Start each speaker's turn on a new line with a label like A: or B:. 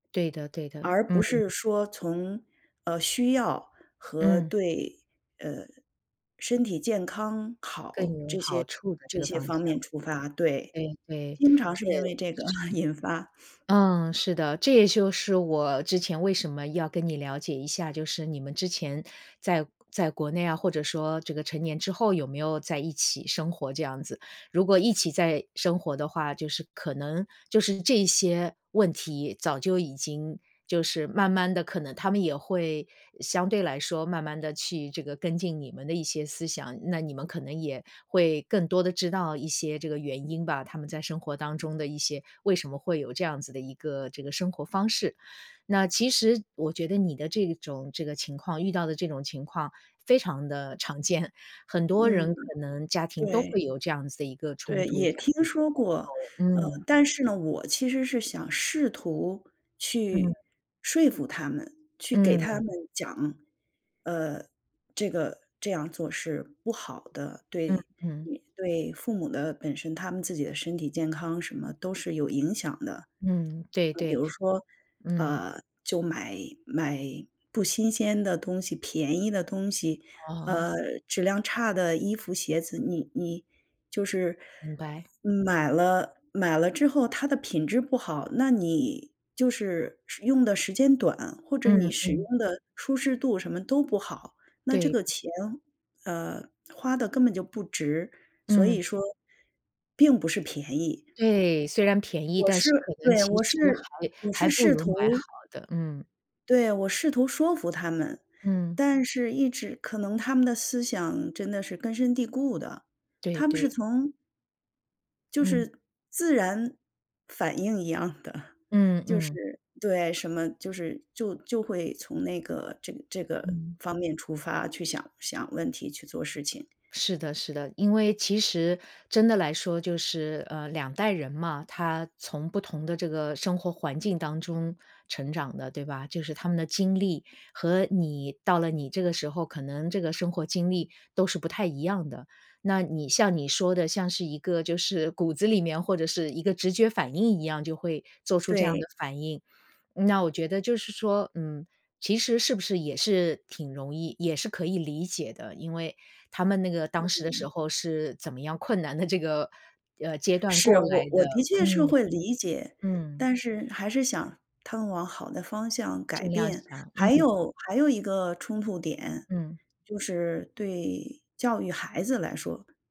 A: 对的对的，
B: 而不
A: 嗯。
B: 是说从，呃，需要和
A: 嗯。
B: 对，呃，身体健康
A: 更
B: 好，
A: 有
B: 这
A: 好
B: 些
A: 处的这
B: 这
A: 个
B: 些
A: 方向。
B: 方面出发。对，
A: 对对。
B: 经常
A: 是，
B: 是因为这个
A: 是。
B: 引发
A: 嗯，是的。这也就是我之前为什么要跟你了解一下，就是你们之前在在国内啊，或者说这个成年之后，有没有在一起生活这样子。如果一起在生活的话，就是可能就是这一些问题，早就已经就是慢慢地可能他们也会相对来说，慢慢地去这个跟进你们的一些思想，那你们可能也会更多的知道一些这个原因吧，他们在生活当中的一些为什么会有这样子的一个这个生活方式。那其实我觉得你的这种这个情况遇到的这种情况非常地常见。很多
B: 嗯，
A: 人可能家庭都
B: 对。
A: 会有这样子的一个冲
B: 对，
A: 突这样。
B: 也
A: 这样
B: 听
A: 的一个
B: 说
A: 代
B: 过。呃，
A: 沟，嗯。
B: 但是呢，我其实是想试图去
A: 嗯。
B: 说服他们，去给他们
A: 嗯。
B: 讲，呃，这个这样做是不好的，
A: 嗯
B: 对
A: 嗯。
B: 对父母的本身他们自己的身体健康什么都是有影响的。就比
A: 嗯，对对。
B: 如说，
A: 嗯。
B: 呃，就买买不新鲜的东西、便宜的东西，
A: 哦。
B: 呃，质量差的衣服鞋子，你你就是
A: 明白。
B: 买了买了之后它的品质不好，那你就是用的时间短，或者你
A: 嗯，
B: 使
A: 嗯。
B: 用的舒适度什么都不好，那这个
A: 对。
B: 钱，呃，花的根本就不值，所
A: 嗯。
B: 以说并不是便宜。
A: 对，虽然便宜，
B: 我
A: 但
B: 是
A: 是可能
B: 对，
A: 其
B: 我是
A: 实还
B: 我
A: 还
B: 是
A: 不
B: 试
A: 如买好
B: 图
A: 的，嗯。
B: 对，我试图说服他们，
A: 嗯。
B: 但是一直可能他们的思想真的是根深蒂固的。
A: 对
B: 他们是
A: 对。
B: 从就
A: 嗯。
B: 是自然反应一样的，
A: 嗯
B: 就
A: 嗯。
B: 是对，什么就是就就会从那个这这个
A: 嗯。
B: 方面出发去想想问题去做事情。
A: 是的是的，因为其实真的来说就是，呃，两代人嘛，他从不同的这个生活环境当中成长的，对吧？就是他们的经历和你到了你这个时候，可能这个生活经历都是不太一样的。那你像你说的，像是一个就是骨子里面或者是一个直觉反应一样，就会做出这样
B: 对。
A: 的反应，那我觉得就是说，嗯，其实是不是也是挺容易也是可以理解的，因为他们那个当时的时
B: [unintelligible]
A: 候是怎么样困难的这个，呃，阶段
B: 是，
A: 过来
B: 我我
A: 的。
B: 的确是
A: 嗯，
B: 会理解，
A: 嗯。
B: 但是，还是想他们往好的方向改
A: 尽量
B: 变。
A: 想，
B: 还
A: 嗯。
B: 有还有一个冲突点，
A: 嗯。
B: 就是对教育孩子来说。